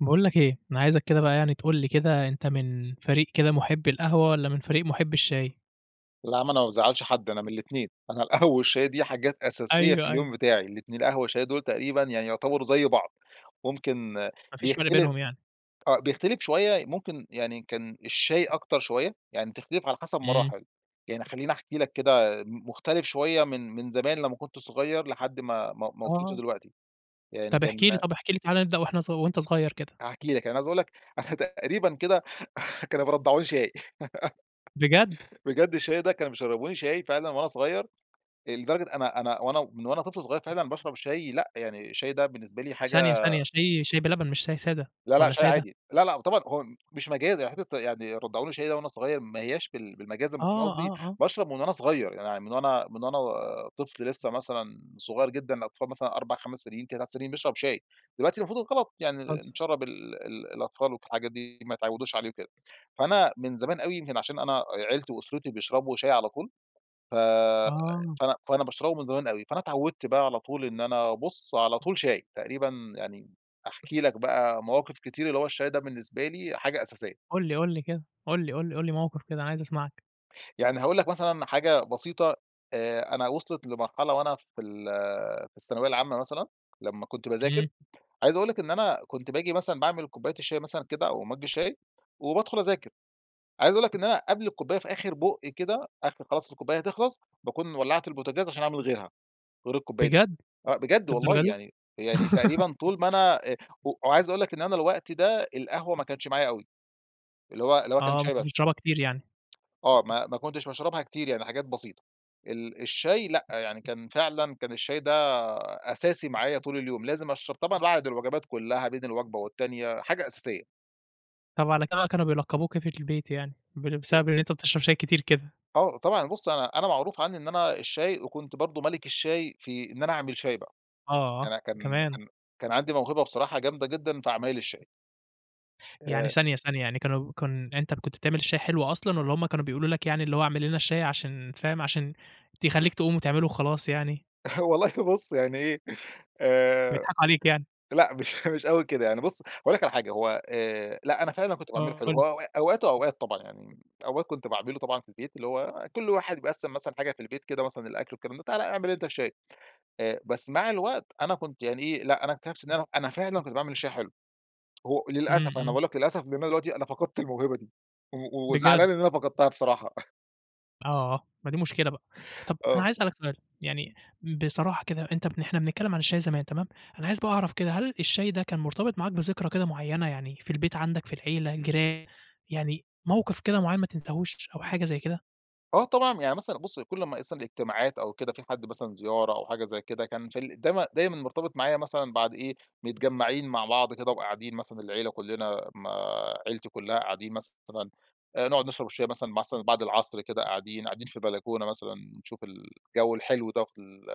باقول لك إيه، أنا عايزك كده بقى يعني تقول لي كده، أنت من فريق كده محبّي القهوة والّا من فريق محبّي الشاي؟ لا ما أنا ما بازعّلش حد أنا من الاتنين، أنا القهوة والشاي دي حاجات أساسية في أيوه، أيوه. اليوم بتاعي. الاتن القهوة والشاي دول تقريبًا يعني يعتبَروا زَي بعض. ممكن ما فيش فرْق بيختل بينهم يعني. آه، بيختلف شوية، ممكن يعني كان الشاي أكتر شوية، يعني بتختلف على حسب إمم. مراحل، يعني خلِّيني أحكي لك كده، م مختلف شوية من من زمان لما كُنت صغير لحد ما ما ما وصلْت آه. لدلوقتي. يعني طَب احكِ لي، كان طَب احكِ لي، تعالَ نبدأ واحنا ص وأنت صغير كده. هاحكي لك، يعني عايز أقول لك أنا تقريبًا كده كانوا بيرضَّعوني شاي. بجد؟! بجد الشاي ده، كانوا بيشرّبوني شاي فعلًا وأنا صغير، آآ لدرجة أنا أنا وأنا من وأنا طفل صغير فعلًا باشرب شاي لأ، يعني الشاي ده بالنسبة لي حاجة ثانية، ثانية. شاي شاي بلبن مش شاي سادة، لا، لأ، والّا شاي سادة؟ عادي. لا، لأ، طبعًا هو مش مجازًا، حتة يعني رضّعوني شاي ده وأنا صغير، ما هياش بال بالمجازًا، آه، بس أنا قصدي آه، آه. باشرب من وأنا صغير، يعني من وأنا من وأنا طفل لسه مثلًا صغير جدًا، الأطفال مثلًا 4 5 سنين، 3 سنين بيشرب شاي، دلوقتي المفروض ده غلط، يعني بتهزّر. نشرَّب ال ال الأطفال وحاجات دي ما يتعودوش عليه وكده. فأنا من زمان أوي، يمكن عشان أنا عيلتي وأسرتي بيشربوا شاي على طول، ف آه. فأنا فأنا باشربه من زمان أوي، فأنا اتعوّدْت بقى على طول إن أنا بُص على طول شاي، تقريبًا يعني أحكي لك بقى مواقف كتير اللي هو الشاي ده بالنسبة لي حاجة أساسية. قُل لي، قُل لي كده. قل لي، قُل لي، قُل لي مواقف كده، عايز أسمعك. يعني هاقول لك مثلًا حاجة بسيطة، آآ أنا وصلِت لمرحلة وأنا في ال في الثانوية العامة مثلًا، لمّا كنت باذاكر إمم. عايز أقول لك إن أنا كنت باجي مثلًا باعمل كوباية الشاي مثلًا كده، أو مجّ الشاي، وبادخُل أذاكر. عايز أقول لك إن أنا قبْل الكوباية في آخر بُق كده، آخر خلاص الكوباية هتخلَص، باكون ولَّعت البوتاجاز عشان أعمل غِيرها، غير الكوباية دي. بجد! آآ بجد والله للدرجة دي؟ يعني يعني تقريبًا طول ما أنا آآ وعايز أقول لك إن أنا الوقت ده، القهوة ما كانتش معايا أوي. اللي هو اللي هو كان آه، ما شاي كنتش بس. بتشربها كتير يعني. آه، ما ما كنتش باشربها كتير يعني حاجات بسيطة. ال الشاي لأ، يعني كان فعلًا، كان الشاي ده أساسي معايا طول اليوم، لازم أشرب طبعًا بعد الوجبات كلها، بين الوجبة والتانية، حاجة أساسية. طب على كده بقى، كانوا بيلقّبوك أيه في البيت يعني؟ بل ا بسبب إن أنت بتشرب شاي كتير كده؟ آه، طبعًا، بُص أنا أنا معروف عني إن أنا الشاي، وكنت برضو ملِك الشاي في إن أنا أعمل شاي بقى. آه، أنا كان كمان. كان كان عندي موهبة بصراحة جامدة جدًا في عمايل الشاي. يعني آآ ثانية، ثانية، يعني كانوا كن أنت اللي كُنت بتعمل الشاي حلو أصلًا، والّا همّ كانوا بيقولوا لك يعني اللي هو اعمل لنا الشاي عشان فاهم، عشان تخليك تقوم وتعمله وخلاص يعني؟ والله بُص يعني إيه، آآ بيضحكوا عليك يعني. لأ، مش مش أوي كده يعني بُص، هاقول لك على حاجة، هو آآ لأ، أنا فعلًا كنت باعمله آه، حلو، قُل لي. هو أ أوقات وأوقات طبعًا يعني. أوقات كنت باعمله طبعًا في البيت، اللي هو كل واحد بيقسّم مثلًا حاجة في البيت كده، مثلًا الأكل والكلام ده، تعالَ اعمل أنت الشاي. آآ بس مع الوقت أنا كنت يعني إيه، لأ، أنا أكتشفت إن أنا أنا فعلًا كنت باعمل الشاي حلو. هو إمم، للأسف، أنا إمم. باقول لك للأسف، لأن أنا دلوقتي أنا فقدت الموهبة دي، و بجد! وزعلان إن أنا فقدتها بصراحة. آه، ما دي مشكلة بقى. طَب أنا آه. عايز اسألك سؤال، يعني [unintelligible] بصراحة كده أنت إحنا بنتكلم عن الشاي زمان تمام، أنا عايز بقى أعرف كده، هل الشاي ده كان مرتبط معاك بذكرى كده معيّنة، يعني في البيت عندك، في العيلة، جيران، يعني موقف كده معيّن ما تنساهوش أو حاجة زي كده؟ آه، طبعًا يعني مثلًا، بُصّ، كل أما يحصل اجتماعات أو كده، في حد مثلًا زيارة أو حاجة زي كده، كان في ال دايمًا دايمًا مُرتبط معايا مثلًا بعد إيه، متجمعين مع بعض كده وقاعدين مثلًا العيلة كلنا ما عيلتي كلها قاعدين مثلًا، آآ، نقعد نشرب الشاي مثلًا مثلًا بعد العصر كده قاعدين، قاعدين في البلكونة مثلًا نشوف الجو الحلو ده في ال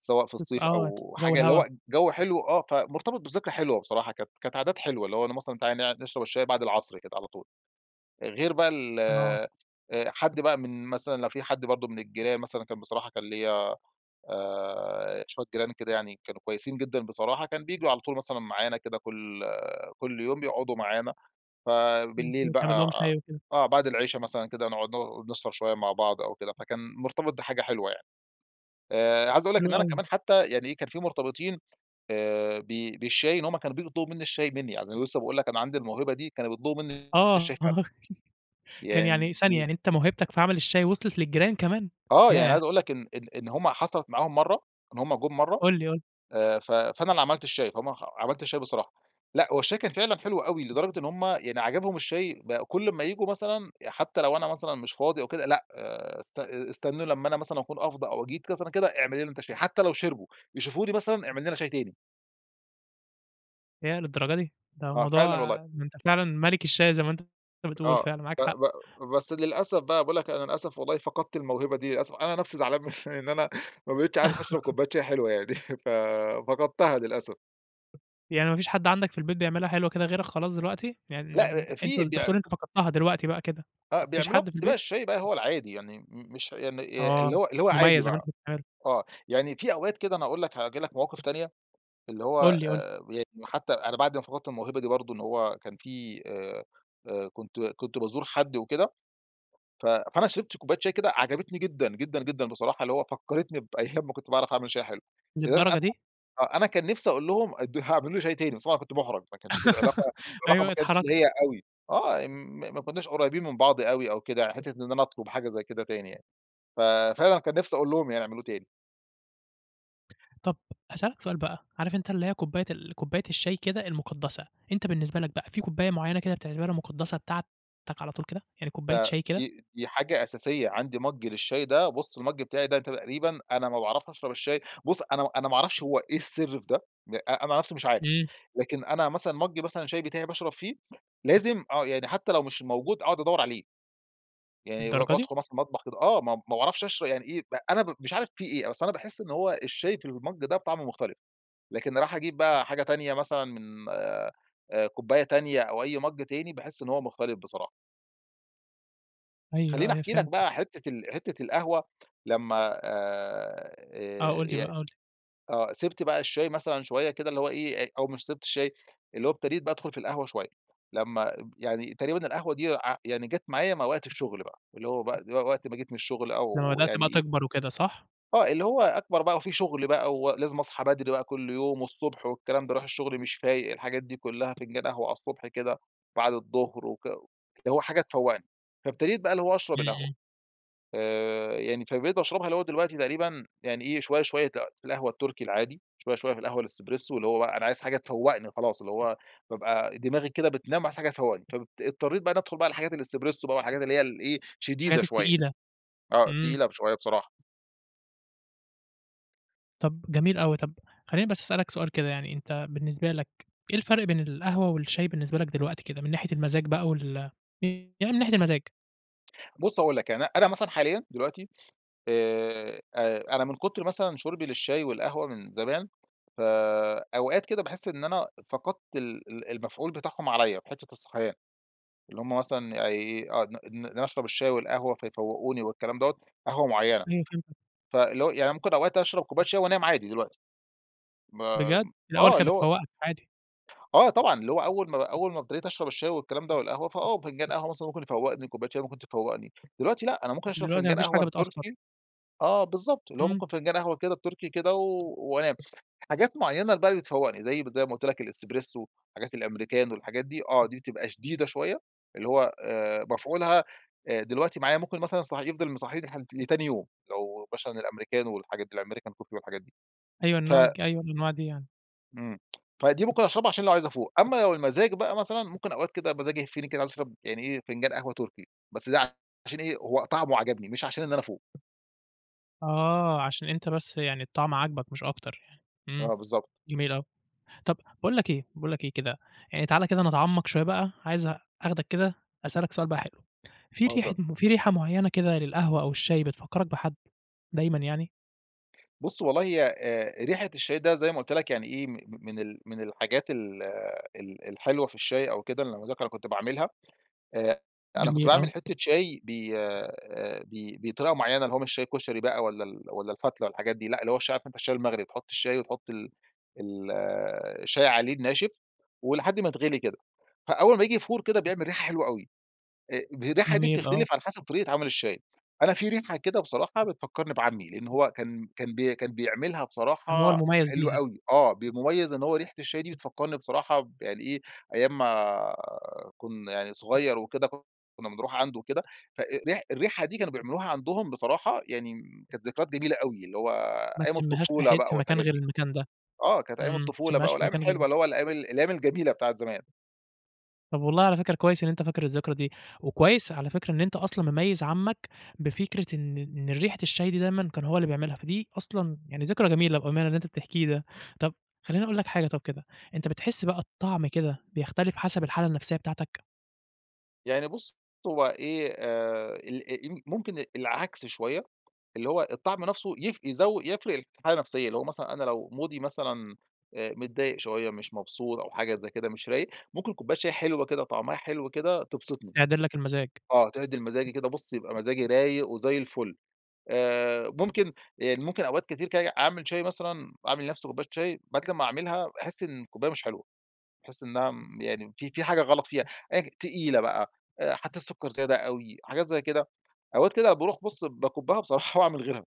سواء في [unintelligible] الصيف آه، أو جو حاجة، اللي الهوا. هو جو حلو، آه. فمُرتبط بذكرى حلوة بصراحة، كانت كانت عادات حلوة، اللي هو أنا مثلًا، تعالَ نقعد نشرب الشاي بعد العصر كده، على طول. غير بقى ال آه. آآ حد بقى من مثلًا لو في حد برضه من الجيران مثلًا كان بصراحة كان ليَّ، آآ، شوية جيران كده يعني كانوا كويسين جدًا بصراحة، كان بييجوا على طول مثلًا معانا كده كل كل يوم، بيقعدوا معانا ف بالليل ممكن تعمل بقى لهم شاي وكده. آه، بعد العشا مثلًا كده، نقعد ن نسهر شوية مع بعض أو كده، فكان مُرتبط بحاجة حلوة يعني. آآ، عايز أقول لك حلو إن أنا أوي. كمان حتى، يعني إيه، كان في مُرتبطين آآ، ب بالشاي إن هم كانوا بييجوا يطلبوا مني الشاي، مني. يعني لسه باقول لك، أنا عندي الموهبة دي، كانوا بيطلبوا مني الشاي آه، فعلًا. كان يعني ثانية [unintelligible] يعني أنت موهبتك في عمل الشاي، وصلت للجيران كمان؟ آه، يعني ياه! عايز أقول لك، إن إن إن هم حصلت معاهم مرّة إن هم جُم مرّة، قُل لي، قُل لي. آآ، ف فانا اللي عملت الشاي فهم ح عملت الشاي بصراحة. لأ، هو الشاي كان فعلًا حلو أوي، لدرجة إن هم يعني عجبهم الشاي، بقوا كل أما ييجوا مثلًا، حتى لو أنا مثلًا مش فاضي أو كده، لأ، آآ أست است استنوا لما أنا مثلًا أكون أفضى أو جيت مثلًا كده: "اعمل لنا أنت الشاي." حتى لو شربوا، يشوفوني مثلًا: "اعمل لنا شاي تاني." ياه للدرجة دي! ده آه، فعلًا الموضوع والله. ده أنت فعلًا ملك الشاي زي ما أنت بتقول آه، فعلًا معاك ب حق. ب بس للأسف بقى، باقول لك أنا للأسف والله فقدت الموهبة دي، للأس أنا نفسي زعلان من إن أنا ما بقيتش عارف أشرب كوباية شاي حلوة يعني، ف فقدتها للأسف. يعني ما فيش حد عندك في البيت بيعملها حلوة كده غيرك خلاص دلوقتي؟ يعني لأ، آآ [unintelligible] أنت في بتقول بيع أنت فقدتها دلوقتي بقى كده، ما فيش فبيعملوها حد في بس بقى البيت؟ الشاي ده هو العادي يعني، م مش يعني، آآ اللي آه، هو اللي مش هو عادي مميز زي ما بقى. أنت [unintelligible] آه، يعني في أوقات كده أنا أقول لك هاجيب لك مواقف تانية، اللي هو قُل لي، قُل لي. آآ يعني حتّى أنا بعد ما فقدت الموهبة دي برضه، إن هو كان في آآ، آآ، كنت كنت بازور حد وكده، ف فأنا شربت كوباية شاي كده عجبتني جدًا، جدًا، جدًا بصراحة، اللي هو فكّرتني بأيام ما كنت باعرف أعمل شاي حلو. لدرجة للدرجة أنا دي! آه، أنا كان نفسي أقول لهم ادّو ه اعملوا لي شاي تاني بس، طبعًا كنت مُحرج ما كانش في العلاقة العلاقة ما أيوة، كانتش اللي هي اتحرجت. أوي. آه، م ما كناش قريبين من بعض أوي أو كده يعني حتّة إن أنا أطلب حاجة زي كده تاني يعني. ف فعلًا كان نفسي أقول لهم يعني يعملوه تاني. طب هاسألك سؤال بقى، عارف أنت اللي هي كوباية ال كوباية الشاي كده المقدسة، أنت بالنسبة لك بقى، في كوباية معينة كده بتعتبرها مقدسة بتاعتك على طول كده، يعني كوباية ده شاي كده؟ دي دي حاجة أساسية، عندي مج للشاي ده، بُص المج بتاعي ده تقريبًا، أنا ما باعرفش أشرب الشاي بُص أنا أنا ما أعرفش هو إيه السر في ده، أنا نَفسي مش عارف. امم. لكن أنا مثلًا مج مثلًا الشاي بتاعي باشرب فيه، لازم آه، يعني حتى لو مش موجود أقعد أدور عليه. يعني ب للدرجة دي! بادخل مثلًا المطبخ كده آه، ما ما باعرفش اشر يعني إيه، أنا ب مش عارف في إيه؟ بس أنا باحس إن هو الشاي في المج ده طعمه مختلف، لكن إني أروح أجيب بقى حاجة تانية مثلًا من آآ، كوباية تانية أو أي مج، تاني باحس إن هو مختلف بصراحة. أيوه، خليني أيوه، أحكي لك فهمتك. بقى حتة ال حتة القهوة، لمّا آآ، آه، قُل آآ لي بقى، ي قُل لي. آه، سِبْت بقى الشاي مثلًا شوية كده اللي هو إيه، أ أو مش سِبْت الشاي، اللي هو ابتديت بقى أدخُل في القهوة شوية. لمّا ب يعني تقريبًا القهوة دي ع يعني جات معايا مع وقت الشغل بقى، اللي هو بقى و وقت ما جيت من الشغل أو لما بدأْت بقى يعني تكبر وكده، صح؟ آه، اللي هو أكبر بقى وفي شغل بقى ولازم أصحى بدري بقى كل يوم والصبح والكلام باروح الشغل مش فايق، الحاجات دي كلها فنجان قهوة على الصبح كده، بعد الظهر وك اللي هو حاجة تفوّقني، فابتديت بقى اللي هو أشرب إمم، القهوة. إمم. آآ، يعني فبقيت باشربها اللي هو دلوقتي تقريبًا يعني إيه، شوية، شوية ت القهوة التركي العادي شوية، شوية في القهوة الاسبريسو اللي هو بقى أنا عايز حاجة تفوّقني خلاص، اللي هو بابقى دماغي كده بتنام عايز حاجة تفوّقني، فب اض اضطريت بقى إني أدخُل بقى الحاجات الاسبريسو بقى، والحاجات اللي هي ال إيه شديدة الحاجات شوية. التقيلة. آه، إمم. تقيلة ب شوية بصراحة. طَب جميل أوي، طَب خليني بس أسألك سؤال كده يعني، أنت بالنسبة لك إيه الفرق بين القهوة والشاي بالنسبة لك دلوقتي كده، من ناحية المزاج بقى وال [unintelligible] يعني من ناحية المزاج؟ بُص هاقول لك يعني أنا مثلًا حاليًا دلوقتي، آآ، آآ أنا من كتر مثلًا شُربي للشاي والقهوة من زمان، ف أوقات كده باحس إن أنا فقدْت ال ال المفعول بتاعهم عليّا في حتّة الصحيان. اللي هم مثلًا يعني أي ا إن أنا أشرب الشاي والقهوة فيفوّقوني والكلام دَوَّة، قهوة معيّنة. أيوه، فهمتك. فاللي هو، يعني ممكن أوقات أشرب كوباية شاي وأنام عادي دلوقتي. مام بجد! الأوّل آه، كانت اللي هو بتفوّقَك، عادي. آه، طبعًا، اللي هو أوّل ما أوّل أما أبتديت أشرب الشاي والكلام ده والقهوة، فآه، فنجان قهوة مثلًا ممكن يفوّقني، كوباية شاي ممكن تفوّقني. دلوقتي لأ، أنا ممكن أشرب دلوقتي ما فنجان فيش قهوة حاجة بتأثر. التركي آه، بالضبط، اللي هو إمم. ممكن فنجان قهوة كده التركي كده وأنام. حاجات معيّنة اللي بقى اللي بتفوّقني، زي زي ما قُلت لك الاسبريسو، حاجات الأمريكانو الحاجات دي آه، دي بتبقى شديدة شويّة، اللي هو آآ، مفعولها آآ دلوقتي معايا ممكن مثلًا صح يفضل مصحّيني لح لتاني يوم. لو مثلًا الأمريكانو والحاجات دي، الأمريكان كوفي والحاجات دي. أيوه، ف النوع الجي أي الأنواع دي يعني. إمم، فدِي ممكن أشربها عشان لو عايز أفوق. أما لو المزاج بقى مثلًا، ممكن أوقات كده مزاجي يهفّني كده عايز أشرب يعني إيه، فنجان قهوة تركي، بس ده عشان إيه؟ هو طعمه عجبني، مش عشان إن أنا أفوق. آه، عشان أنت بس يعني الطعم عاجبك، مش أكتر يعني، إمم، آه، بالضبط. جميل أوي. طب باقول لك إيه باقول لك إيه كده، يعني تعال كده نتعمق شوية بقى، عايز أخدك كده أسألك سؤال بقى حلو، في ريحة اتفضل. في ريحة معينة كده للقهوة أو الشاي بتفكرك بحد دايمًا يعني؟ بُص والله، هي آآ، ريحة الشاي ده زي ما قلت لك يعني إيه، م من من ال من الحاجات ال ال الحلوة في الشاي أو كده لما اذكر كنت باعملها، آآ أنا كنت جميل، باعمل آه. حتة شاي ب آآ، ب بطريقة معينة اللي هو مش الشاي كشري بقى والَّا ال والَّا الفتلة والحاجات دي لأ، اللي هو الشاي عارف أنت الشاي المغلي، تحط الشاي وتحط ال ال الشاي عليه الناشف ولحد ما يتغلي كده، فأول ما ييجي يفور كده بيعمل ريحة حلوة أوي. آآ الريحة دي جميل، آه. بتختلف على حسب طريقة عمل الشاي. أنا في ريحة كده بصراحة بتفكرني بعمي، لإن هو كان كان ب كان بيعملها كان هو بصراحة المميز حلوة بيها. أوي، آه، ب مميز إن هو ريحة الشاي دي بتفكرني بصراحة ب يعني إيه، أيام ما كنا صغير، وكده كنا بنروح عنده وكده ف أ أ ري الريحة دي كانوا بيعملوها عندهم، بصراحة يعني كانت ذكريات جميلة أوي، اللي هو ما أيام تشمهاش في الطفولة حت بقى في مكان، والحاجات غير دي. المكان ده. آه، كانت أيام إمم، الطفولة بقى تشمهاش في والأيام مكان غير الحلوة اللي هو الأيام الأيام الجميلة بتاعة الزمان. طيب والله على فكرة، كويس إن أنت فاكر الذكرى دي، وكويس على فكرة إن أنت أصلًا مميز عمك، بفكرة إن إن ريحة الشاي دي دايمًا كان هو اللي بيعملها، فدي أصلًا يعني ذكرى جميلة بأمانة اللى أنت بتحكيه ده. طب، خليني أقول لك حاجة طب كده، أنتَ بتحس بقى الطعم كده، بيختلف حسب الحالة النفسية بتاعتك؟ يعني بُصّ، هو إيه، آآ [unintelligible] ممكن العكس شوية، اللي هو الطعم نفسه يف يزو يفرق في الحالة النفسية. اللي هو مثلًا أنا لو مودي مثلًا، آآ، متضايق شوية، مش مبسوط أو حاجة زي كده، مش رايق، ممكن كوباية شاي حلوة كده طعمها حلو كده، تبسطني. تعدِل لك المزاج. آه، تعدل مزاجي كده بُصّ، يبقى مزاجي رايق وزي الفل. آآ، ممكن يعني ممكن أوقات كتير كده، أعمل شاي مثلًا أعمل لنفسي كوباية شاي، بعد كده أما أعملها باحس إن الكوباية مش حلوة، باحس إنها مم يعني في في حاجة غلط فيها، آجي تقيلة بقى، آآ حطيت السكر زيادة أوي، حجات زي كده. أوقات زي كده أوقات كده باروح بُصّ، باكُبّها بصراحة وأعمل غيرها،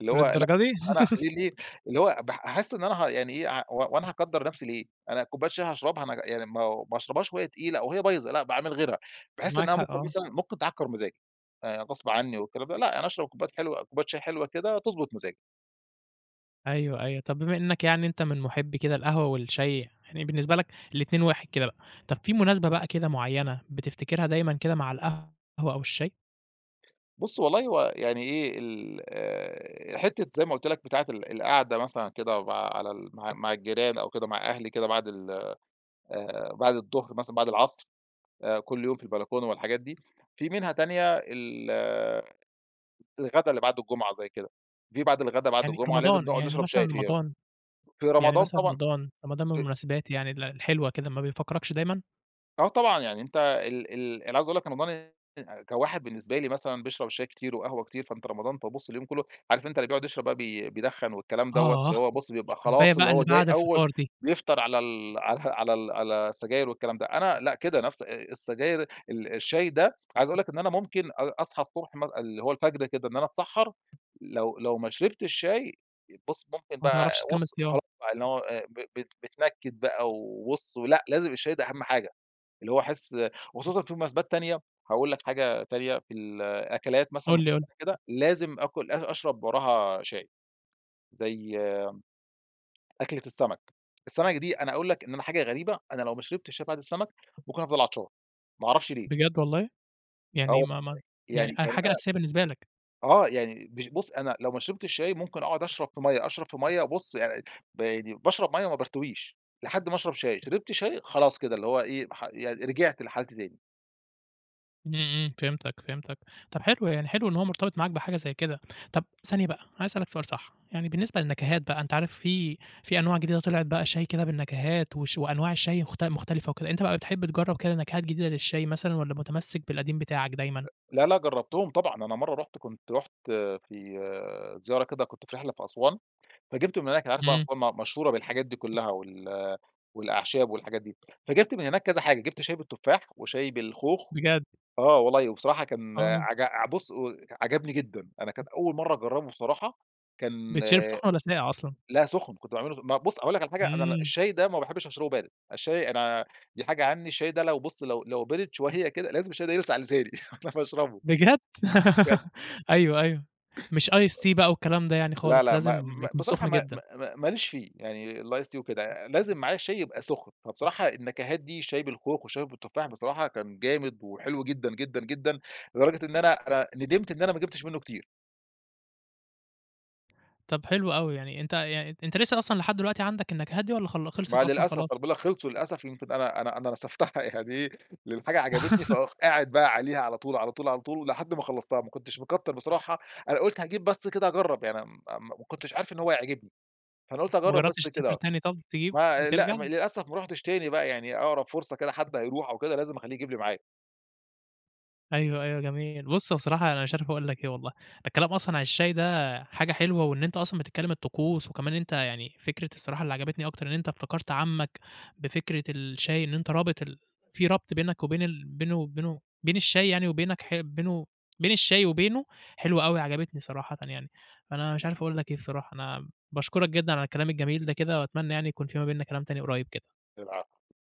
اللي هو لأ، للدرجة دي! أنا ليه ليه اللي هو بح أحس إن أنا ه يعني إيه، ع هو هو أنا هاكدر نفسي ليه؟ أنا كوباية شاي هاشربها ما يعني ما هو ما أشربهاش وهى تقيلة أو وهي بايظة لأ، باعمل غيرها. باحس معاك إنها حق، ممكن آه. مثلًا، ممكن تعكر مزاجي. آآ غصب عني والكلام ده، لأ، يعني أشرب كوبايات حلوة كوباية شاي حلوة كده، تضبط مزاجي. أيوه، أيوه طب بما إنك يعني إنت من محبِّي كده القهوة والشاي، يعني بالنسبة لك الاتنين واحد كده بقى. طب فيه مناسبة بقى كده معينة بتفتكرها دايمًا كده مع القهوة أو الشاي؟ بُصّ، والله هو يعني إيه، ال حتة زي ما قلت لك، بتاعة ال القعدة مثلًا كده مع على ال مع مع الجيران أو كده مع أهلي كده، بعد ال آآ بعد الضهر مثلًا، بعد العصر، آآ كل يوم في البلكونة والحاجات دي، في منها تانية ال الغدا اللي بعد الجُمعة، زي كده، في بعد الغدا بعد يعني الجُمعة، لازم رمضان نقعد يعني نشرب مثًلا شاي فيها. رمضان في يعني رمضان مثلًا طبعًا رمضان، رمضان من [unintelligible] المناسبات يعني الحلوة كده، ما بيفكركش دايمًا؟ آه، طبعًا. يعني أنت ال ال أنا عاوز أقول لك، رمضان [unintelligible] كواحد بالنسبة لي مثلًا، بيشرب الشاي كتير وقهوة كتير، فأنت رمضان فبابص اليوم كله، عارف أنت اللي بيقعد يشرب بقى بي بيدخن والكلام دوَّة، اللي آه، هو بُصّ بيبقى الكوباية خلاص، اللي بقى هو اللي جاي بعد أول الفطار دي. بيفطر على ال على على ال على السجاير والكلام ده. أنا لأ، كده نفس السجاير ال الشاي ده، عايز أقول لك إن أنا ممكن أ أصحى الصبح م اللي هو الفجر كده، إن أنا أتسحَّر لو لو ما شربتش شاي، بص ممكن ما بقى تعرفش تكمِّل وص خلاص صيام. بقى، إن هو آآ، ب ب بيتنكد بقى وبص، لأ، لازم الشاي ده أهم حاجة. اللي هو أحس وخصوصًا في مناسبات تانية هاقول لك حاجة تانية، في ال الأكلات مثلًا قُل لي، قُل لي. معينة كده، لازم آكل أ أشرب وراها شاي، زي أكلة السمَك. السمَك دي أنا أقول لك إن أنا حاجة غريبة، أنا لو ما شربتش شاي بعد السمَك، ممكن أفضَل عطشان ما أعرفش ليه. بجد، والله؟ آه، يعني [unintelligible] ما ما يعني يعني آآ، يعني حاجة أنا أساسية، بالنسبة لك. آه، يعني بش بص، أنا لو ما شربتش شاي ممكن أقعد أشرب في مَيَّة، أشرب في مَيَّة بص يع ب يعني باشرب مَيَّة وما بارتويش، لحد ما أشرب شاي. شربت شاي، خلاص كده اللي هو إيه، ح يعني رِجعْت لحالتي تاني. إمم، إمم، فهمتك، فهمتك. طب حلو يعني حلو إن هو مرتبط معاك بحاجة زي كده. طب ثانية بقى عايز أسألك سؤال صح، يعني بالنسبة للنكهات بقى أنت عارف في في أنواع جديدة طلعت بقى شاي كده بالنكهات وش وأنواع شاي مخت مختلفة وكده، أنت بقى بتحب تجرب كده نكهات جديدة للشاي مثلًا، والّا متمسك بالقديم بتاعك أ دايمًا؟ لا لأ، جربتهم طبعًا، أنا مرة رُحت كنت رُحت آآ في زيارة كده كنت في رحلة في أسوان، فجبته من هناك. أنت عارف بقى إمم. أسوان م مشهورة بالحاجات دي كلّها وال والأعشاب والحاجات دي، فجبت من هناك كذا حاجة جبت شاي بالتفاح وشاي بالخوخ. بجد؟! آه، والله وبصراحة كان آه. عج ع بص و عجبني جدًا. أنا كانت أول مرة أجربه بصراحة كان بيتشرب سخن والّا ساقع أصلًا؟ لأ سخن، كنت باعمله ما بص أقول لك على حاجة؟ أنا ال إمم. الشاي ده ما باحبش أشربه بارد. الشاي، أنا دي حاجة عني، الشاي ده لو بص لو لو بِرِد شوية كده لازم الشاي ده يلسع لساني علشان اشربه. بجد! بجد. أيوه، أيوه. مش ice tea بقى والكلام ده يعني لا، خالص لأ، لازم ما ما يكون بصراحة سخن ما ما جدًا. ما ما ليش فيه يعني الice tea وكده. آآ لازم معايا الشاي يبقى سخن، فبصراحة النكهات دي شاي بالخوخ وشاي بالتفاح بصراحة كان جامد وحلو جدًا، جدًا، جدًا لدرجة إن أنا أنا ندمت إن أنا ما جبتش منه كتير. طب حلو أوي يعني، أنت يعني أن أنت لسه أصلًا لحد دلوقتي عندك النكهات دي والّا خل ما خلصت أصلًا للأسف، ما خلاص؟ أنا باقول لك خلصوا للأسف. يمكن أنا أنا أنا نسفتها يعني إيه، الحاجة عجبتني فأخ قاعد بقى عليها على طول، على طول، على طول ولحد ما خلصتها ما كنتش مكتّر بصراحة. أنا قُلت هاجيب بس كده أجرب يعني م م ما كنتش عارف إن هو هيعجبني، فأنا قلت ما أجرب بس جربتش تسافر كده. تاني طب تجيب ما لأ، وترجع؟ للأسف ما رُحتش تاني بقى، يعني أقرب فرصة كده حد هيروح أو كده لازم أخلّيه يجيب لي معاه. أيوه، أيوه جميل. بص بصراحة أنا مش عارف أقول لك إيه والله. الكلام أصلًا عن الشاي ده حاجة حلوة، وإن أنت أصلًا بتتكلم الطقوس وكمان أنت يعني فكرة الصراحة اللي عجبتني أكتر إن أنت افتكرت عمك بفكرة الشاي، إن أنت رابط ال في ربط بينك وبين ال بينه وبينه، بين الشاي يعني وبينك ح بينه بين الشاي وبينه حلوة أوي عجبتني صراحةً يعني. أنا مش عارف أقول لك إيه بصراحة أنا باشكرك جدًا على الكلام الجميل ده كده وأتمنى يعني يكون في ما بيننا كلام تاني قريب كده. العفو